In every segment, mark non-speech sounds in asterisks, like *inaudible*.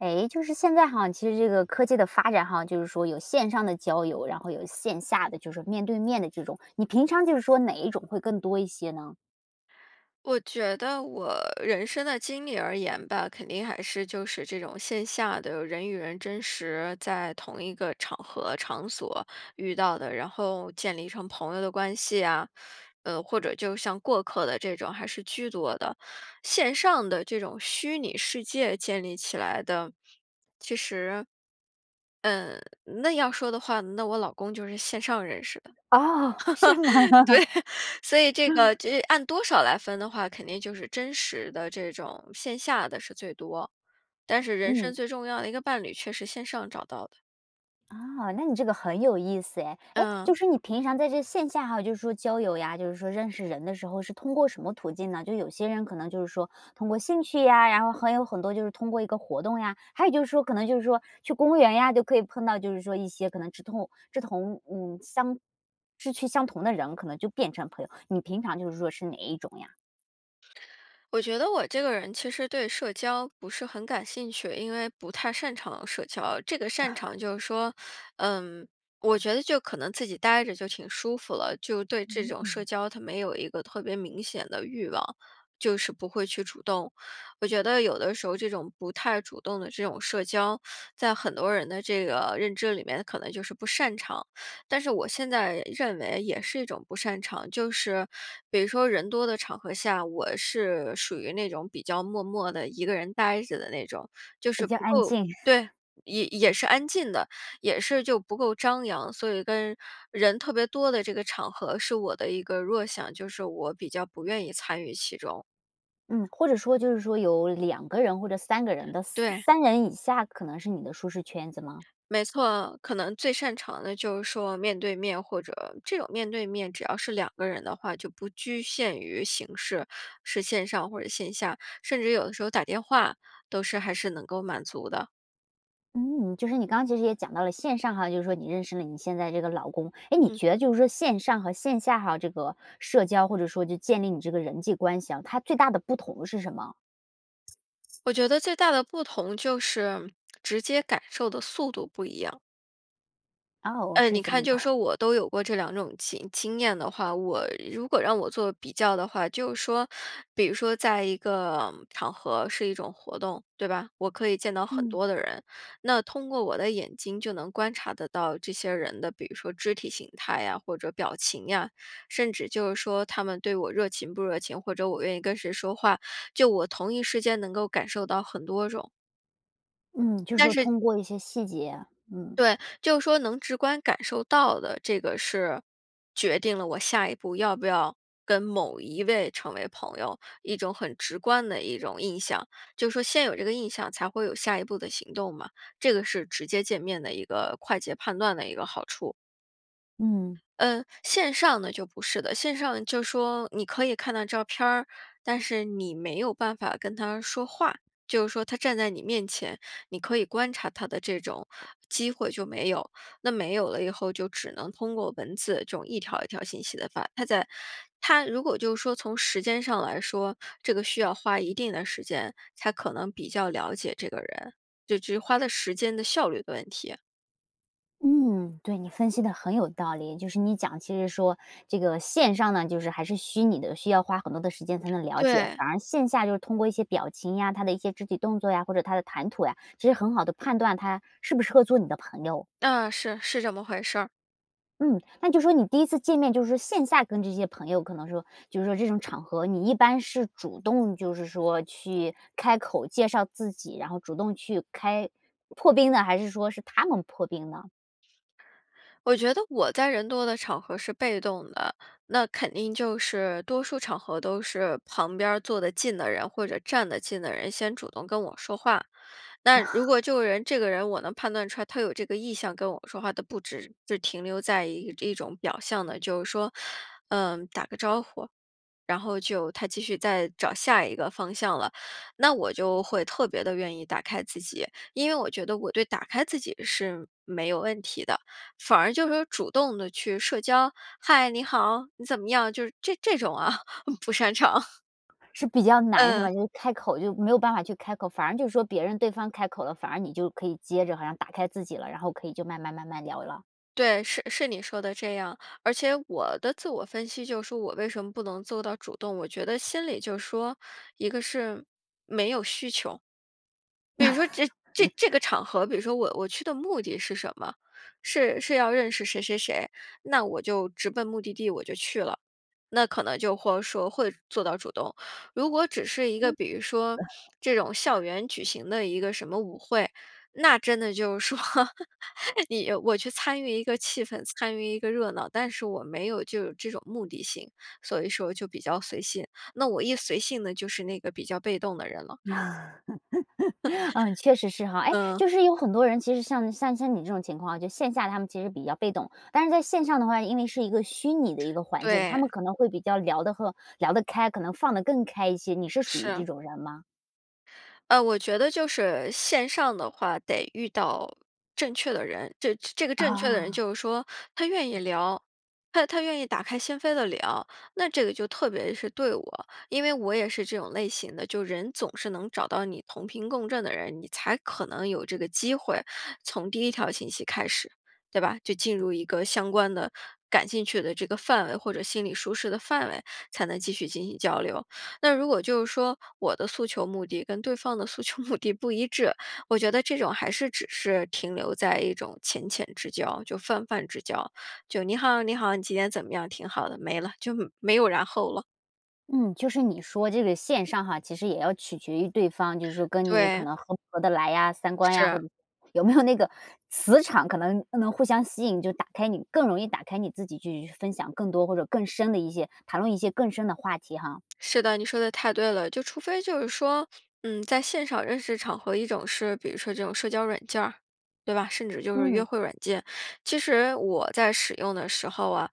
诶，就是现在哈，其实这个科技的发展哈，就是说有线上的交友，然后有线下的就是面对面的这种，你平常就是说哪一种会更多一些呢？我觉得我人生的经历而言吧，肯定还是就是这种线下的人与人真实在同一个场合、场所遇到的，然后建立成朋友的关系啊，呃或者就像过客的这种，还是居多的。线上的这种虚拟世界建立起来的，其实，嗯那要说的话，那我老公就是线上认识的。哦，是吗？*laughs* 嗯。对，所以这个这按多少来分的话，肯定就是真实的这种线下的是最多，但是人嗯。生最重要的一个伴侣却是线上找到的。啊，那你这个很有意思哎，诶，嗯。就是你平常在这线下哈就是说交友呀，就是说认识人的时候是通过什么途径呢，就有些人可能就是说通过兴趣呀，然后还有很多就是通过一个活动呀，还有就是说可能就是说去公园呀就可以碰到就是说一些可能志同志同嗯相志趣相同的人可能就变成朋友，你平常就是说是哪一种呀？我觉得我这个人其实对社交不是很感兴趣，因为不太擅长社交。这个擅 *chuckles* 长就是说，呃，我觉得就可能自己呆着就挺舒服了。就对这嗯种社嗯。交，它没有一个特别明显的欲望，就是不会去主动。我觉得有的时候这种不太主动的这种社交，在很多人的这个，呃，认知里面可能就是不擅长。但是我现在认为也是一种不擅长，就是比如说人多的场合下，我是属于那种比较默默地1个人呆着的那种，就比是较不安够静。对，*chuckles* 也也是安静的，也是就不够张扬。所以跟，人特别多的这个场合是我的一个弱项，就是我比较不愿意参与其中。嗯，或者说就是说有2个人或者3个人的3对。3人以下可能是你的舒适圈子吗？没错。可能最擅长的就是说面对面或者这种面对面只要是2个人的话，就不拘限于形式，是线上或者线下。甚至有的时候打电话，都是还是能够满足的。嗯，就是你刚刚其实也讲到了线上哈，就是说你认识了你现在这个老公，诶你嗯。觉得就是说线上和线下哈，这个社交或者说就建立你这个人际关系啊，它最大的不同是什么？我觉得最大的不同就是直接感受的速度不一样。哦，我嗯，你是怎看么就是办。说我都有过这2种经经验的话，我如果让我做比较的话，就是说，比如说在一个场合是一种活动，对吧？我可以见到很嗯。多的人，那通过我的眼睛就能观察得到这些人的，比如说肢体形态呀，或者表情呀，甚至就是说他们对我热情不热情，或者我愿意跟谁说话，就我同一时间能够感受到很多种。嗯，就是但说是通过一些细节，嗯。对，就是说能直观感受到的这个是，决定了我下一步要不要跟某一位成为朋友，一种很直观的一种印象，就是说先有这个印象才会有下一步的行动嘛。这个是直接见面的一个快捷判断的一个好处。嗯。嗯，线上的就不是的，线上就是说你可以看到照片儿，但是你没有办法跟他说话。就是说他站在你面前，你可以观察他的这种机会就没有，那没有了以后就只能通过文字这种一条一条信息地发。他在他如果就说从时间上来说，这个需要花一定的时间，才可能比较了解这个人，就其实花的时间的效率的问题。嗯，对，你分析得很有道理，就是你讲其实说这个线上呢，就是还是虚拟的，需要花很多的时间才能了解，对。反而线下就是通过一些表情呀，他的一些肢体动作呀，或者他的谈吐呀，其实很好地判断他适不适合做你的朋友。啊，是，是这么回事儿。嗯，那就是说你第1次见面，就是说线下跟这些朋友，可能说，就是说这种场合，你一般是主动就是说去开口介绍自己，然后主动去开破冰呢，还是说是他们破冰呢？我觉得我在人多的场合是被动的，那肯定就是多数场合都是旁边儿坐得近的人，或者站得近的人先主动跟我说话。那如果这个 *chuckles* 人这个人，我能判断出来他有这个意向跟我说话的不只是停留在一这种表象的，就是说，呃打个招呼，然后就他继续再找下一个方向了。那我就会特别地愿意打开自己，因为我觉得我对打开自己是没有问题的，反而就是说主动地去社交，“嗨，你好，你怎么样？”就是这这种啊，不擅长。是比较难是嗯。吧，就开口就没有办法去开口，反而就说别人对方开口了，反而你就可以接着好像打开自己了，然后可以就慢慢慢慢聊了。对，是是你说的这样。而且我的自我分析就是说我为什么不能做到主动，我觉得心里就说，一个是没有需求。比如说这这这个 *laughs* 场合，比如说我我去的目的是什么？是是要认识谁谁谁，那我就直奔目的地，我就去了，那可能就会说会做到主动。如果只是一个嗯。比如说这种校 *laughs* 园举行的一个什么舞会，那真的就是说，你我去参与一个气氛，参与一个热闹，但是我没有就有这种目的性，所以说就比较随性，那我一随性那就是那个比较被动的人了。*laughs* *laughs* 啊，确实是哈。诶，嗯。就是有很多人其实像像像你这种情况，就线下他们其实比较被动，但是在线上的话，因为是一个虚拟的一个环境，他们对。可能会比较聊得和聊得开，可能放得更开一些，你是属于这是。种人吗？呃，我觉得就是，线上的话得遇到正确的人。这这个正确的人啊。就是说，他愿意聊，他他愿意打开心扉地聊，那这个就特别是对我。因为我也是这种类型的，就是人总是能找到你同频共振的人，你才可能有这个机会，从第1条信息开始，对吧？就进入一个相关的感兴趣的这个范围或者心理舒适的范围，才能继续进行交流。那如果就是说我的诉求目的跟对方的诉求目的不一致，我觉得这种还是只是停留在一种浅浅之交，就泛泛之交，就你好你好，你今天怎么样挺好的，没了，就没有然后了。嗯，就是你说这个线上哈，其实也要取决于对方，就是说跟你可对。能合不合得来呀，三观呀，是。或者有没有那个磁场，可能能互相吸引，就打开你更容易打开你自己去分享更多或者更深的一些，谈论一些更深的话题哈。是的，你说的太对了，就除非就是说，嗯，在现场认识场合，一种是比如说这种社交软件儿，对吧？甚至就是约嗯。会软件。其实我在使用的时候啊，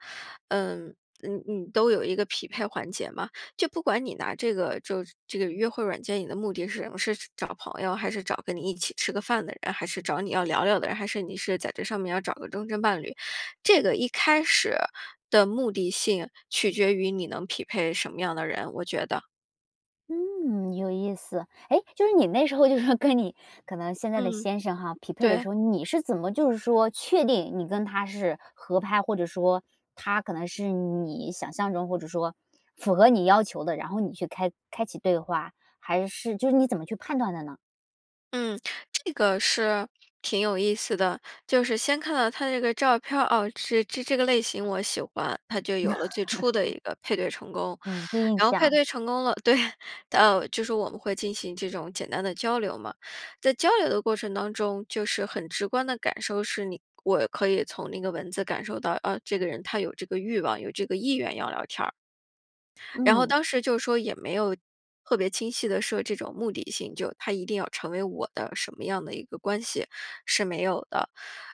嗯嗯嗯，都有一个匹配环节嘛，就不管你拿这个就这个约会软件，你的目的是什么，是找朋友还是找跟你一起吃个饭的人，还是找你要聊聊的人，还是你是在这上面要找个终身伴侣。这个一开始的目的性取决于你能匹配什么样的人，我觉得。嗯，有意思，诶，就是你那时候就是说跟你可能现在的嗯，先生哈匹配的对。时候，你是怎么就是说确定你跟他是合拍，或者说他可能是你想象中或者说符合你要求的，然后你去开开启对话，还是就是你怎么去判断的呢？嗯，这个是，挺有意思的。就是先看到他的这个照片儿，哦，这这-这个类型我喜欢，它就有了最初的一 *laughs* 个配对成功。嗯，第一印然后配象。对成功了对，到就是我们会进行这种简单的交流嘛。在交流的过程当中，就是很直观的感受是你我可以从那个文字感受到，啊，这个人他有这个欲望，有这个意愿要聊天儿。然后嗯。当时就说，也没有特别清晰地设这种目的性，就他一定要成为我的什么样的一个关系，是没有的。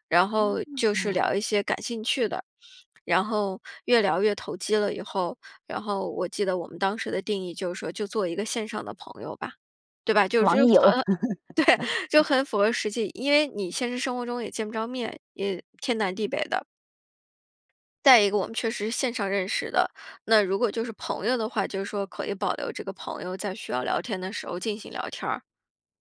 然后哦。就是聊一些感兴趣的，然后越聊越投机了以后，然后我记得我们当时的定义就是说就做一个线上的朋友吧，对吧？就符网友。合对，就 *laughs* 很符合实际。因为你现实生活中也见不着面，也天南地北的。再一个我们确实是线上认识的，那如果就是朋友的话，就是说可以保留这个朋友在需要聊天的时候进行聊天儿。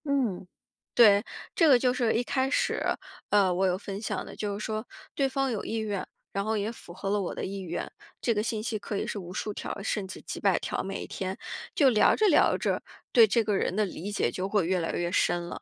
嗯。对，这个就是一开始，呃，我有分享的，就是说对方有意愿，然后也符合了我的意愿，这个信息可以是无数条甚至几百条，每一天，就聊着聊着，对这个人的理解就会越来越深了。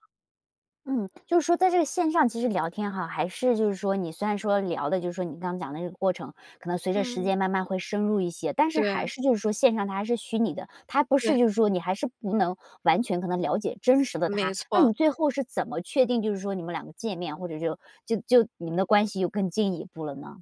嗯，就是说在这个线上其实聊天哈，还是就是说你虽然说聊的就是说你刚刚讲的那个过程，可能随着时嗯。间慢慢会深入一些，但是还对。是就是说线上他还是虚拟的，他不对。是就是说你还是不能完全可能了解真实的没他。那错。你最后是怎么确定就是说你们两个见面，或者就就就你们的关系有更进一步了呢？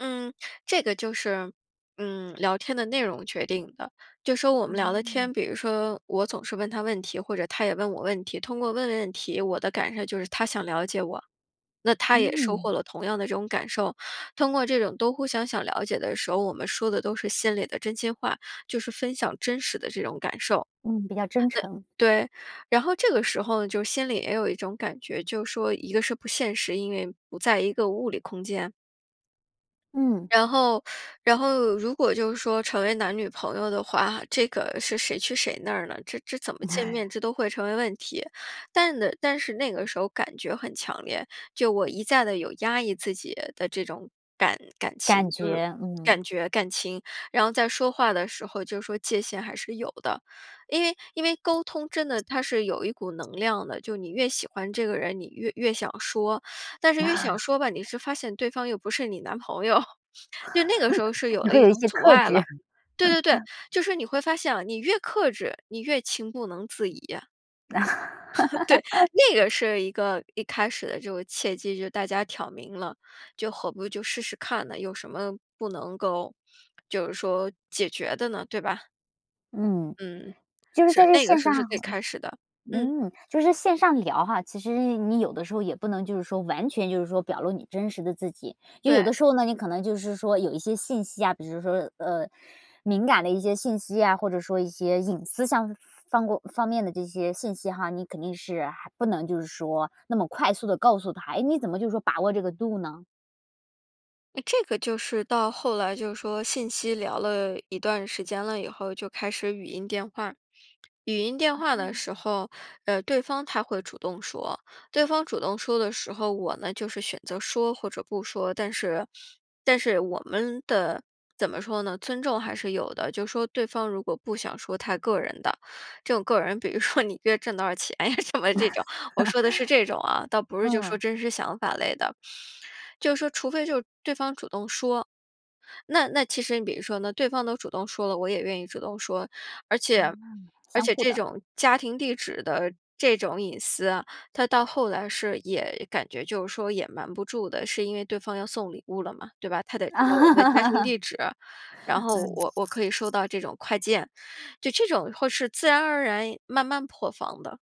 嗯，这个就是，嗯，聊天的内容决定的。就说我们聊的天，哦。比如说我总是问他问题，或者他也问我问题，通过问问题，我的感受就是他想了解我，那他也收嗯。获了同样的这种感受。通过这种都互相想了解的时候，我们说的都是心里的真心话，就是分享真实的这种感受。嗯，比较真诚。那对，然后这个时候就心里也有一种感觉，就说一个是不现实，因为不在一个物理空间嗯。然后然后如果就是说成为男女朋友的话，这个是谁去谁那儿呢？这这怎么见面，*laughs* 这都会成为问题。但呢但是那个时候感觉很强烈，就我一再地有压抑自己的这种感感情，感就是觉，感嗯。觉感情，然后在说话的时候就是说界限还是有的。因为因为沟通真的它是有一股能量的，就你越喜欢这个人，你越越想说，但是越想 *laughs* 说吧，你是发现对方又不是你男朋友，*laughs* 就那个时候是 *laughs* 有你了会一有一种些阻克碍制。了。对对对，*laughs* 就是你会发现啊，你越克制，你越情不能自已。*laughs* 对，那 *laughs* 个是一个一开始的这个契机，就是大家挑明了，就何不就试试看呢，有什么不能够就是说解决的呢，对吧？嗯。嗯，就是在是，这那个线时上候是最开始的。嗯。嗯，就是线上聊哈，其实你有的时候也不能就是说完全就是说表露你真实的自己，因为有对。的时候呢你可能就是说有一些信息啊，比如说，呃，敏感的一些信息呀，或者说一些隐私上方过方面的这些信息哈，你肯定是还不能就是说那么快速地告诉他，诶你怎么就是说把握这个度呢？诶，这个就是到后来就是说信息聊了一段时间了以后，就开始语音电话。语音电话的时啊。候，呃，对方他会主动说。对方主动说的时候，我呢就是选择说或者不说。但是但是我们的怎么说呢？尊重还是有的。就说对方如果不想说他个人的这种个人比如说你一个月挣多少钱呀什么这种，我说的是这种啊倒 *laughs* 不是就说嗯。真实想法类的。就说除非就对方主动说，那那其实你比如说呢，那对方都主动说了，我也愿意主动说。而且啊，而相且互这的。种家庭地址的这种隐私啊，它到后来是也感觉就是说也瞒不住的，是因为对方要送礼物了嘛，对吧？他得知道我的家庭啊，地址，然后嗯。我我可以收到这种快件，就这种会是自然而然慢慢破防的。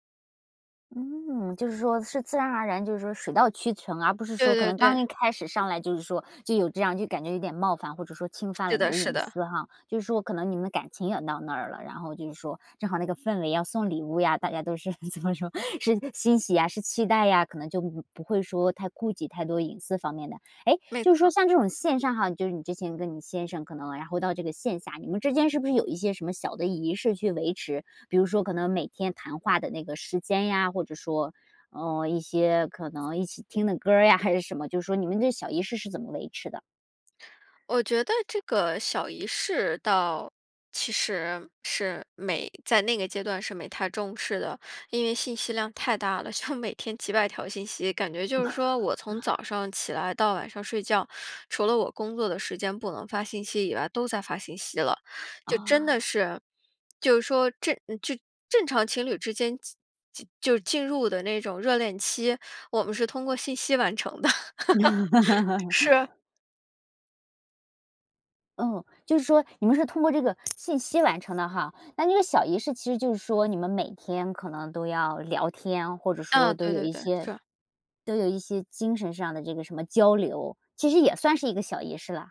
嗯，就是说是自然而然就是说水到渠成，而不是对说可对能刚对。一开始上来就是说就有这样就感觉有点冒犯，或者说侵犯是了你的的是隐的。私哈。就是说可能你们的感情也到那儿了，然后就是说正好那个氛围要送礼物呀，大家都是怎么说，是欣喜呀是期待呀，可能就不不会说太顾忌太多隐私方面的。诶，没就是说错。像这种线上哈，就是你之前跟你先生可能然后到这个线下，你们之间是不是有一些什么小的仪式去维持，比如说可能每天谈话的那个时间呀，或者说，嗯，一些可能一起听的歌儿呀还是什么，就是说你们这些小仪式是怎么维持的？我觉得这个小仪式倒其实是，没在那个阶段是没太重视的。因为信息量太大了，就每天几百条信息，感觉就是说我从早 *laughs* 上起来到晚上睡觉，除了我工作的时间不能发信息以外，都在发信息了。就真哦。的是就是说正呃正正常情侣之间就就进入的那种热恋期，我们是通过信息完成的。*laughs* 是。*laughs* 哦，就是说你们是通过这个信息完成的哈，那个小仪式其实就是说你们每天可能都要聊天，或者啊，说都对有对一对，些是。都有一些精神上的这个什么交流，其实也算是一个小仪式了。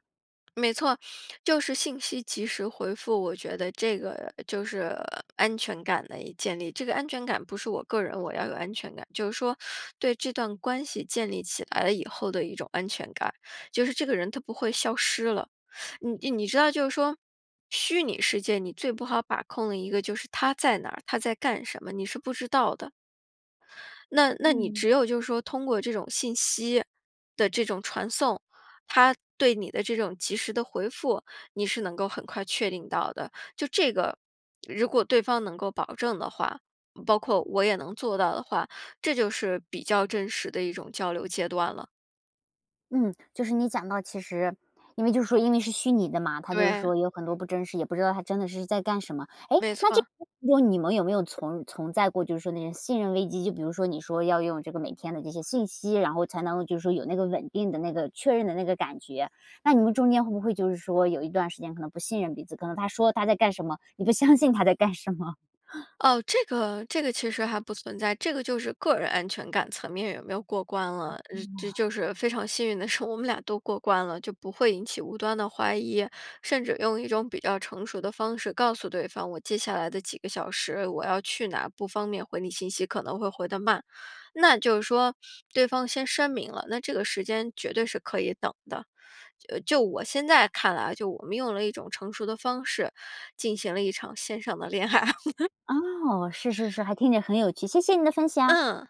没错，就是信息及时回复，我觉得这个就是安全感的建立。这个安全感不是我个人，我要有安全感。就是说对这段关系建立起来了以后的一种安全感，就是这个人他不会消失了。*sucks teeth* 你你知道就是说虚拟世界你最不好把控的一个就是他在哪儿，他在干什么，你是不知道的。那那你嗯。只有就是说通过这种信息的这种传送，他对你的这种及时地回复，你是能够很快确定到的。就这个，如果对方能够保证的话，包括我也能做到的话，这就是比较真实的一种交流阶段了。嗯，就是你讲到其实因为就是说因为是虚拟的嘛，它就对。说有很多不真实，也不知道他真的是在干什么。诶，没那这错。个就是说你们有没有存存在过就是说那些信任危机，就比如说你说要用这个每天的这些信息，然后才能就是说有那个稳定的那个确认的那个感觉。那你们中间会不会就是说有一段时间可能不信任彼此，可能他说他在干什么，你不相信他在干什么？*chuckles* 哦，这个这个其实还不存在，这个就是个人安全感层面有没有过关哎了。呃，这呀。就是非常幸运的是，我们俩都过关了，就不会引起无端的怀疑。甚至用一种比较成熟的方式告诉对方，我接下来的几个小时，我要去哪儿不方便回你信息，可能会回得慢。那就是说，对方先声明了，那这个时间绝对是可以等的。呃就我现在看来，就我们用了一种成熟的方式，进行了一场线上的恋爱。*laughs* 哦，是是是，还听着很有趣，谢谢你的分享。嗯。